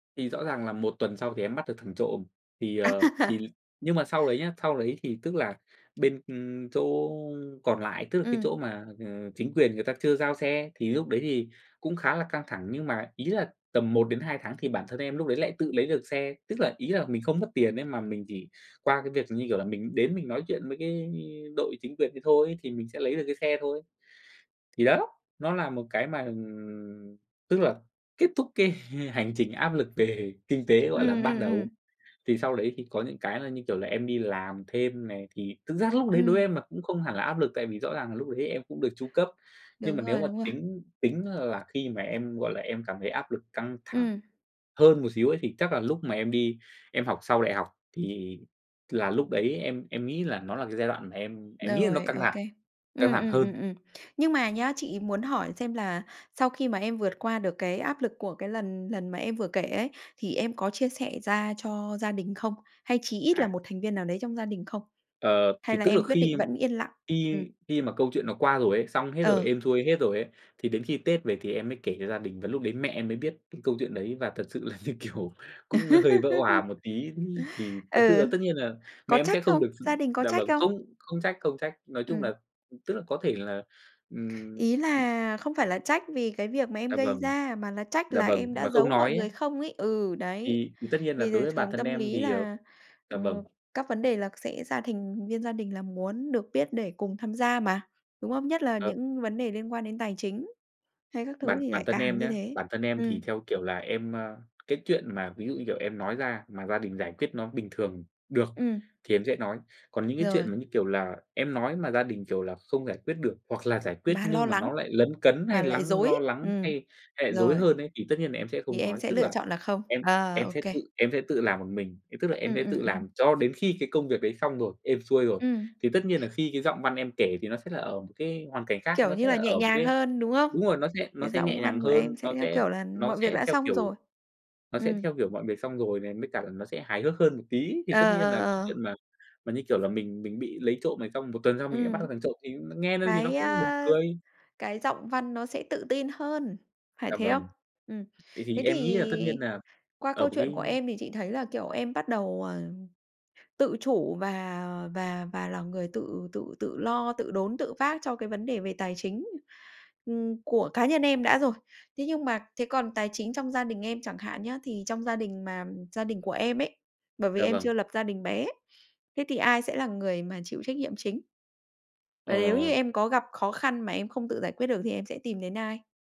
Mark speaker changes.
Speaker 1: Thì rõ ràng là 1 tuần sau thì em bắt được thằng trộm. Thì, ờ, thì nhưng mà sau đấy nhá, sau đấy thì, tức là, bên, ừm, chỗ còn lại, tức là cái
Speaker 2: Ừm.
Speaker 1: chỗ mà, ờ, chính quyền người ta chưa giao xe, thì lúc đấy thì cũng khá là căng thẳng, nhưng mà ý là tầm 1-2 tháng thì bản thân em lúc đấy lại tự lấy được xe, tức là, ý là, mình không mất tiền ấy mà mình chỉ qua cái việc, như kiểu là, mình đến mình nói chuyện với cái đội chính quyền đấy thôi, thì mình sẽ lấy được cái xe thôi. Thì đó, nó là một cái mà, ừm, tức là kết thúc cái h hành trình áp lực về kinh tế, gọi là,
Speaker 2: Ừm,
Speaker 1: ban
Speaker 2: ừm,
Speaker 1: đầu.
Speaker 2: ừm.
Speaker 1: Thì sau đấy thì có những cái là, như kiểu là, em đi làm thêm này, thì thực ra lúc đấy đối với
Speaker 2: Ừm.
Speaker 1: em mà cũng không hẳn là áp lực, tại vì rõ ràng là lúc đấy em cũng được chu cấp. Nhưng mà
Speaker 2: Đúng
Speaker 1: nếu
Speaker 2: rồi,
Speaker 1: mà
Speaker 2: đúng rồi.
Speaker 1: tính tính là khi mà em, gọi là, em cảm thấy áp lực căng thẳng
Speaker 2: Ừm.
Speaker 1: hơn một xíu ấy thì chắc là lúc mà em đi em học sau đại học, thì là lúc đấy em em nghĩ là nó là cái giai đoạn mà em em nghĩ là nó
Speaker 2: Rồi,
Speaker 1: căng
Speaker 2: ô
Speaker 1: thẳng,
Speaker 2: kê.
Speaker 1: căng
Speaker 2: Ừm,
Speaker 1: thẳng
Speaker 2: ừm, ừm,
Speaker 1: hơn.
Speaker 2: ừm. Nhưng mà nhá, chị muốn hỏi xem là sau khi mà em vượt qua được cái áp lực của cái lần lần mà em vừa kể ấy, thì em có chia sẻ ra cho gia đình không? Hay chí ít là
Speaker 1: À.
Speaker 2: 1 thành viên nào đấy trong gia đình không?
Speaker 1: Ờ,
Speaker 2: Hay
Speaker 1: thì
Speaker 2: là
Speaker 1: tức là
Speaker 2: em quyết
Speaker 1: khi
Speaker 2: định vẫn yên lặng? Ừm.
Speaker 1: khi khi mà câu chuyện nó qua rồi ấy, xong hết rồi,
Speaker 2: Ừ.
Speaker 1: êm xuôi hết rồi ấy, thì đến khi Tết về thì em mới kể cho gia đình, và lúc đấy mẹ em mới biết cái câu chuyện đấy, và thật sự là, như kiểu, cũng hơi vỡ òa một tí, thì thật sự
Speaker 2: Ừ.
Speaker 1: là tất nhiên là mẹ
Speaker 2: Có
Speaker 1: em
Speaker 2: trách
Speaker 1: sẽ không
Speaker 2: không?
Speaker 1: được
Speaker 2: Gia đình có
Speaker 1: dạ
Speaker 2: trách
Speaker 1: vâng,
Speaker 2: không?
Speaker 1: không không trách, không trách. Nói chung
Speaker 2: Ừm.
Speaker 1: là, tức là, có thể là ừm,
Speaker 2: Ý
Speaker 1: ừm.
Speaker 2: là không phải là trách vì cái việc mà em
Speaker 1: Dạ
Speaker 2: gây
Speaker 1: vâng.
Speaker 2: ra, mà là trách
Speaker 1: Dạ
Speaker 2: là
Speaker 1: vâng,
Speaker 2: em đã
Speaker 1: mà không
Speaker 2: giấu mọi
Speaker 1: nói
Speaker 2: người
Speaker 1: á.
Speaker 2: không ấy? Ừ, đấy.
Speaker 1: Thì thì tất nhiên là
Speaker 2: Vì
Speaker 1: đối
Speaker 2: là
Speaker 1: với bản
Speaker 2: thường
Speaker 1: thân
Speaker 2: tâm
Speaker 1: em
Speaker 2: lý
Speaker 1: thì, ờ
Speaker 2: là,
Speaker 1: dạ vâng.
Speaker 2: ừm, các vấn đề là sẽ ra thành viên gia đình là muốn được biết để cùng tham gia mà, đúng không? Nhất là
Speaker 1: Ờm.
Speaker 2: những vấn đề liên quan đến tài chính hay các thứ
Speaker 1: Bản
Speaker 2: thì
Speaker 1: bản
Speaker 2: lại
Speaker 1: thân
Speaker 2: càng
Speaker 1: em
Speaker 2: như
Speaker 1: nhá,
Speaker 2: thế.
Speaker 1: bản thân em thì,
Speaker 2: Ừm.
Speaker 1: theo kiểu là, em, ờ, cái chuyện mà ví dụ như kiểu em nói ra mà gia đình giải quyết nó bình thường được
Speaker 2: Ừm.
Speaker 1: thì em sẽ nói. Còn những cái chuyện
Speaker 2: Rồi.
Speaker 1: mà, như kiểu là, em nói mà gia đình, kiểu là, không giải quyết được, hoặc là giải quyết
Speaker 2: Mà lo
Speaker 1: nhưng mà
Speaker 2: lắng,
Speaker 1: nó lại lấn cấn
Speaker 2: mà
Speaker 1: hay
Speaker 2: lại
Speaker 1: lắng
Speaker 2: rối.
Speaker 1: lo lắng
Speaker 2: Ừm.
Speaker 1: hay hay lại rối
Speaker 2: Rồi.
Speaker 1: hơn ấy, thì tất nhiên là em sẽ
Speaker 2: Thì
Speaker 1: không
Speaker 2: em
Speaker 1: nói,
Speaker 2: sẽ
Speaker 1: tức
Speaker 2: lựa
Speaker 1: là
Speaker 2: chọn là không.
Speaker 1: em
Speaker 2: À!
Speaker 1: em
Speaker 2: Ô
Speaker 1: sẽ
Speaker 2: kê.
Speaker 1: tự em, sẽ tự làm một mình, thì tức là, em
Speaker 2: Ừm,
Speaker 1: sẽ
Speaker 2: ừm,
Speaker 1: tự làm
Speaker 2: ừm.
Speaker 1: cho đến khi cái công việc đấy xong rồi, êm xuôi rồi.
Speaker 2: Ừm.
Speaker 1: Thì tất nhiên là khi cái giọng văn em kể thì nó sẽ là ở một cái hoàn cảnh khác,
Speaker 2: Kiểu
Speaker 1: nó
Speaker 2: như
Speaker 1: sẽ là
Speaker 2: là, nhẹ
Speaker 1: ở một
Speaker 2: nhàng
Speaker 1: cái
Speaker 2: hơn, đúng không?
Speaker 1: đúng rồi, nó sẽ nó
Speaker 2: Cái
Speaker 1: sẽ nhẹ
Speaker 2: giọng
Speaker 1: nhàng
Speaker 2: văn của em
Speaker 1: hơn,
Speaker 2: sẽ,
Speaker 1: nó
Speaker 2: theo
Speaker 1: sẽ
Speaker 2: kiểu là,
Speaker 1: nó
Speaker 2: mọi việc
Speaker 1: sẽ
Speaker 2: đã
Speaker 1: theo
Speaker 2: xong
Speaker 1: kiểu
Speaker 2: rồi.
Speaker 1: nó sẽ
Speaker 2: Ừm.
Speaker 1: theo kiểu mọi việc xong rồi này, mới cả là nó sẽ hài hước hơn một tí. Thì tất
Speaker 2: Ờ,
Speaker 1: nhiên
Speaker 2: ờ,
Speaker 1: là cái
Speaker 2: ờ.
Speaker 1: chuyện mà mà như kiểu là mình mình bị lấy trộm này, xong 1 tuần sau mình lại bắt được
Speaker 2: Ừm.
Speaker 1: thằng trộm thì nghe nó thì nó
Speaker 2: Cái,
Speaker 1: cũng buồn
Speaker 2: ờ,
Speaker 1: cười.
Speaker 2: cái giọng văn nó sẽ tự tin hơn, phải
Speaker 1: Dạ
Speaker 2: thế không?
Speaker 1: vâng,
Speaker 2: Ừm.
Speaker 1: vậy thì
Speaker 2: Thế
Speaker 1: em nghĩ là tất nhiên
Speaker 2: thì
Speaker 1: nà
Speaker 2: qua
Speaker 1: ở
Speaker 2: câu
Speaker 1: một
Speaker 2: chuyện
Speaker 1: cái
Speaker 2: của em thì chị thấy là, kiểu, em bắt đầu, ờm, tự chủ và và và là người tự tự tự lo, tự đốn, tự vác cho cái vấn đề về tài chính, ừm, của cá nhân em đã rồi. Thế nhưng mà thế còn tài chính trong gia đình em chẳng hạn nhá, thì trong gia đình, mà gia đình của em ấy, bởi vì
Speaker 1: Dạ
Speaker 2: em
Speaker 1: vâng.
Speaker 2: chưa lập gia đình bé, thế thì ai sẽ là người mà chịu trách nhiệm chính? Và nếu như
Speaker 1: Ờ.
Speaker 2: em có gặp khó khăn mà em không tự giải quyết được thì em sẽ tìm đến ai?